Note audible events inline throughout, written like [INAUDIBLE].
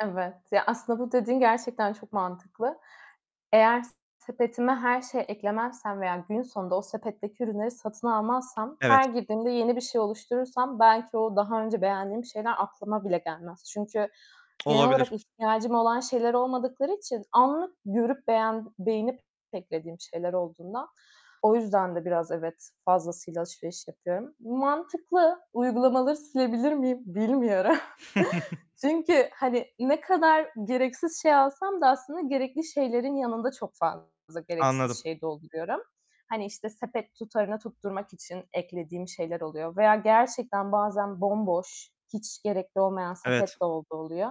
Evet. Ya, aslında bu dediğin gerçekten çok mantıklı. Eğer s sepetime her şey eklemezsem veya gün sonunda o sepetteki ürünleri satın almazsam, Evet. her girdiğimde yeni bir şey oluşturursam belki o daha önce beğendiğim şeyler aklıma bile gelmez. Çünkü genel olarak Olabilir. ihtiyacım olan şeyler olmadıkları için anlık görüp beğen beğenip de eklediğim şeyler olduğundan, o yüzden de biraz evet, fazlasıyla alışveriş yapıyorum. Bu mantıklı, uygulamaları silebilir miyim bilmiyorum. [CHUCKLES] [CHUCKLES] Çünkü, hani ne kadar gereksiz şey alsam da aslında gerekli şeylerin yanında çok fazla gereksiz Anladım. şey dolduruyorum. Hani işte sepet tutarını tutturmak için eklediğim şeyler oluyor veya gerçekten bazen bomboş, hiç gerekli olmayan sepet Evet. de olduğu oluyor.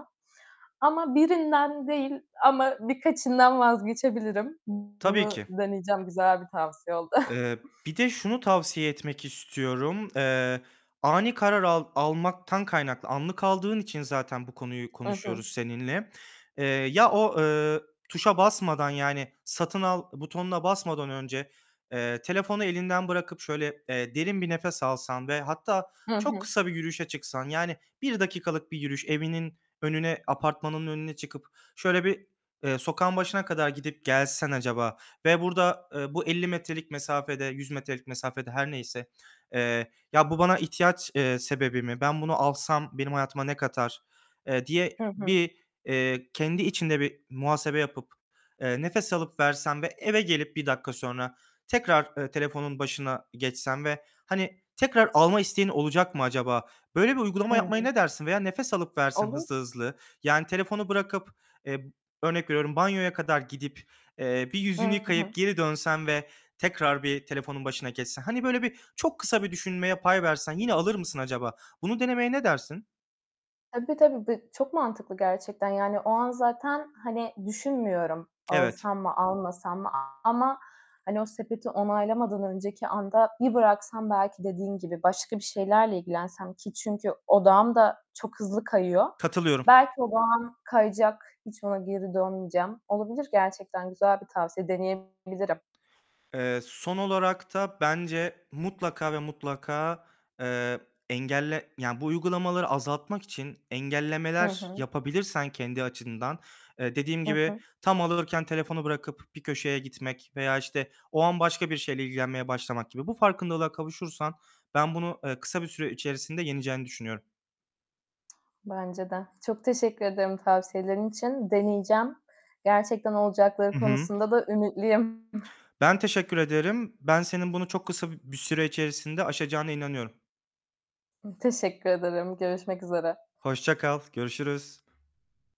Ama birinden değil ama birkaçından vazgeçebilirim. B Tabii bunu ki. deneyeceğim, güzel bir tavsiye oldu. [CHUCKLES] Iıı, bir de şunu tavsiye etmek istiyorum. Eee, ani karar al almaktan kaynaklı anlık aldığın için zaten bu konuyu I hı. konuşuyoruz seninle. Eee, ya o, ııı, tuşa basmadan yani satın al butonuna basmadan önce, eee, telefonu elinden bırakıp şöyle, eee, derin bir nefes alsan ve hatta Hı çok hı. kısa bir yürüyüşe çıksan, yani 1 dakikalık bir yürüyüş evinin önüne, apartmanının önüne çıkıp şöyle bir, eee, sokağın başına kadar gidip gelsen acaba ve burada, eee, bu 50 metrelik mesafede, 100 metrelik mesafede her neyse, eee, ya, "Bu bana ihtiyaç, eee, sebebi mi, ben bunu alsam benim hayatıma ne katar?" eee, diye Hı hı. bir, eee, kendi içinde bir muhasebe yapıp, eee, nefes alıp versen ve eve gelip 1 dakika sonra tekrar, ııı, telefonun başına geçsen ve hani tekrar alma isteğin olacak mı acaba? Böyle bir uygulama yapmaya Hımm. ne dersin? Veya nefes alıp versen Olur. hızlı hızlı, yani telefonu bırakıp, eee, örnek veriyorum, banyoya kadar gidip, eee, bir yüzünü Hı hı. yıkayıp geri dönsen ve tekrar bir telefonun başına geçsen, hani böyle birçok kısa bir düşünmeye pay versen, yine alır mısın acaba? Bunu denemeye ne dersin? Tabii tabii. Bi çok mantıklı gerçekten. Yani o an zaten hani düşünmüyorum. Evet. Alsam mı almasam mı? A ama, hani o sepeti onaylamadan önceki anda bir bıraksam, belki dediğin gibi başka bir şeylerle ilgilensem ki çünkü odağım da çok hızlı kayıyor. Katılıyorum. Belki odağım kayacak, hiç ona geri dönmeyeceğim. Olabilir, gerçekten güzel bir tavsiye deneyebilirim. Eee, son olarak da bence mutlaka ve mutlaka, eee, engelle yani bu uygulamaları azaltmak için Hı engellemeler hı. yapabilirsen kendi açından. Eee, dediğim Hı gibi, hı. tam alıyorken telefonu bırakıp bir köşeye gitmek veya işte o an başka bir şeyle ilgilenmeye başlamak gibi, bu farkındalığa kavuşursan, ben bunu, ııı, kısa bir süre içerisinde yeneceğini düşünüyorum. Bence de. Çok teşekkür ederim tavsiyelerin için. Deneyeceğim. Gerçekten olacakları Hı hı. konusunda da ümitliyim. [CHUCKLES] Ben teşekkür ederim. Ben senin bunu çok kısa b bir süre içerisinde aşacağına inanıyorum. Ih, teşekkür ederim. Görüşmek üzere. Hoşça kal, görüşürüz.